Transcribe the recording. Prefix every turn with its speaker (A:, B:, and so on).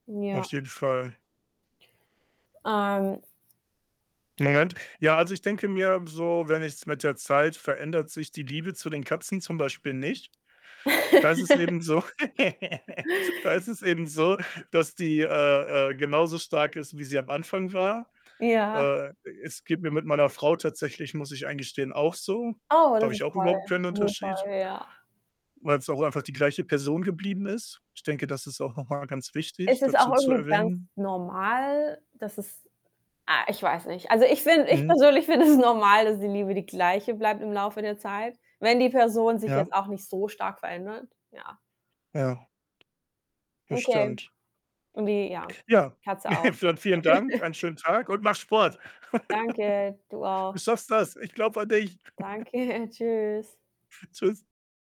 A: Auf
B: Ja.
A: jeden Fall.
B: Ähm
A: Moment. Ja, also, ich denke mir so, wenn ich's mit der Zeit verändert sich die Liebe zu den Katzen zum Beispiel nicht. Da ist es eben so da ist es eben so, dass die, äh-äh, genauso stark ist, wie sie am Anfang war.
B: Ja.
A: Äh, es geht mir mit meiner Frau tatsächlich, muss ich eingestehen, auch so.
B: Oh,
A: Da habe
B: das
A: ich
B: ist
A: auch
B: toll,
A: überhaupt keinen
B: das ist toll,
A: Unterschied
B: ja.
A: weil's auch einfach die gleiche Person geblieben ist. Ich denke, das ist auch noch mal ganz wichtig
B: Es ist auch
A: dazu zu
B: irgendwie ganz
A: erwähnen.
B: normal, dass es ah, ich weiß nicht. Also, ich finde ich
A: Mhm.
B: persönlich finde es normal, dass die Liebe die Gleiche bleibt im Laufe der Zeit, wenn die Person sich
A: Ja.
B: jetzt auch nicht so stark verändert, ja.
A: Ja. Das
B: Okay,
A: stimmt.
B: und die ja,
A: Ja.
B: Katze auch.
A: Dann vielen Dank, einen schönen Tag und mach Sport.
B: Danke, du
A: Du
B: auch.
A: schaffst das. Ich glaube an dich.
B: Danke, tschüss.
A: Tschüss.